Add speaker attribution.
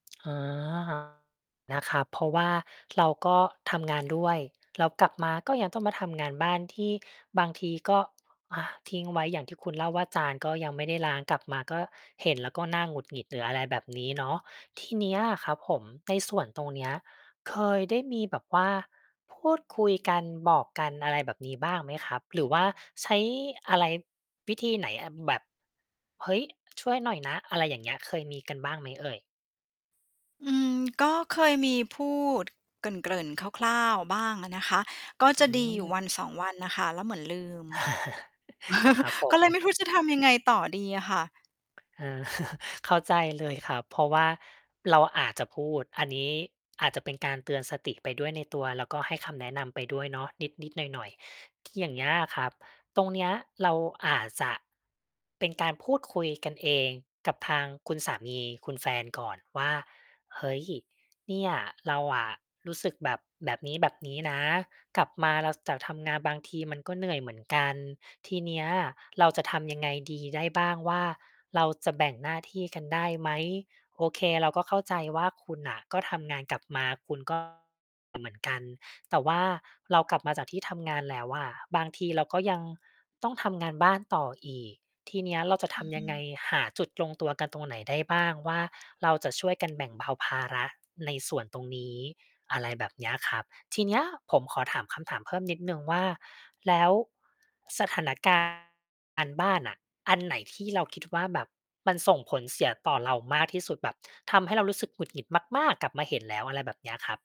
Speaker 1: อ๋อ นะครับ เพราะว่าเราก็ทำงานด้วย เรากลับมาก็ยังต้องมาทำงานบ้าน ที่บางทีก็ อา ทิ้งไว้อย่างที่คุณเล่าว่า จานก็ยังไม่ได้ล้าง กลับมาก็ เห็นแล้วก็น่าหงุดหงิด หรืออะไรแบบนี้เนาะ ทีเนี้ยอะครับผม ในส่วนตรงเนี้ย เคยได้มีแบบว่าพูดคุยกัน บอกกัน อะไรแบบนี้บ้างไหมครับ? หรือว่าใช้ อะไร วิธีไหน อา แบบ "เฮ้ย ช่วยหน่อยนะ" อะไรอย่างเงี้ย เคยมีกันบ้างไหมเอ่ย?
Speaker 2: อืม ก็เคยมีพูดเกริ่น ๆ คร่าว ๆ บ้างอะนะคะ ก็
Speaker 1: อื
Speaker 2: จะดีอยู่ วั
Speaker 1: ม
Speaker 2: นสอง วันน่ะค่ะ แล้วเหมือนลืม
Speaker 1: ครับผ
Speaker 2: ก็เลย
Speaker 1: ม
Speaker 2: ไม่รู้จะทำยังไงต่อดีอะค่ะ
Speaker 1: เออ เข้าใจเลยครับ เพราะว่าเราอาจจะพูด อันนี้อาจจะเป็นการเตือนสติไปด้วยในตัว แล้วก็ให้คำแนะนำไปด้วยเนาะ นิด ๆ หน่อย ๆ ท อย่างเงี้ยอะครับ ตรงเนี้ย เราอาจจะ เป็นการพูดคุยกันเองกับทางคุณสามี คุณแฟนก่อนว่า "เฮ้ย เนี่ย เราอะรู้สึกแบบ แบบนี้ ๆ นะ กลับมา เรา ซ จากทำงานบางทีมันก็เหนื่อยเหมือนกัน ทีเนี้ย เราจะทำยังไงดีได้บ้างว่า เราจะแบ่งหน้าที่กันได้ไหม โอเค เราก็เข้าใจว่าคุณน่ะ ก็ทำงานกลับมา คุณ ก็ เหมือนกัน แต่ว่าเรากลับมาจากที่ทำงานแล้วอะ บางทีเราก็ยังต้องทำงานบ้านต่ออีก ทีเนี้ย เราจะ
Speaker 2: อ
Speaker 1: ท
Speaker 2: ื
Speaker 1: ำยังไง?
Speaker 2: อ
Speaker 1: หาจุดลงตัวกันตรงไหนได้บ้าง? ว่า เราจะช่วยกันแบ่งเบาภาระในส่วนตรงนี้" อะไรแบบเนี้ยครับ ทีเนี้ย ผมขอถามคำถามเพิ่มนิดหนึ่งว่า แล้ว สถานการณ์งานบ้านน่ะ อันไหนที่เราคิดว่า แบบมันส่งผลเสียต่อเรามากที่สุด แบบทำให้เรารู้สึกหงุดหงิดมากม๊าก กลับมาเห็นแล้ว อะไรแบบเนี้ยครับ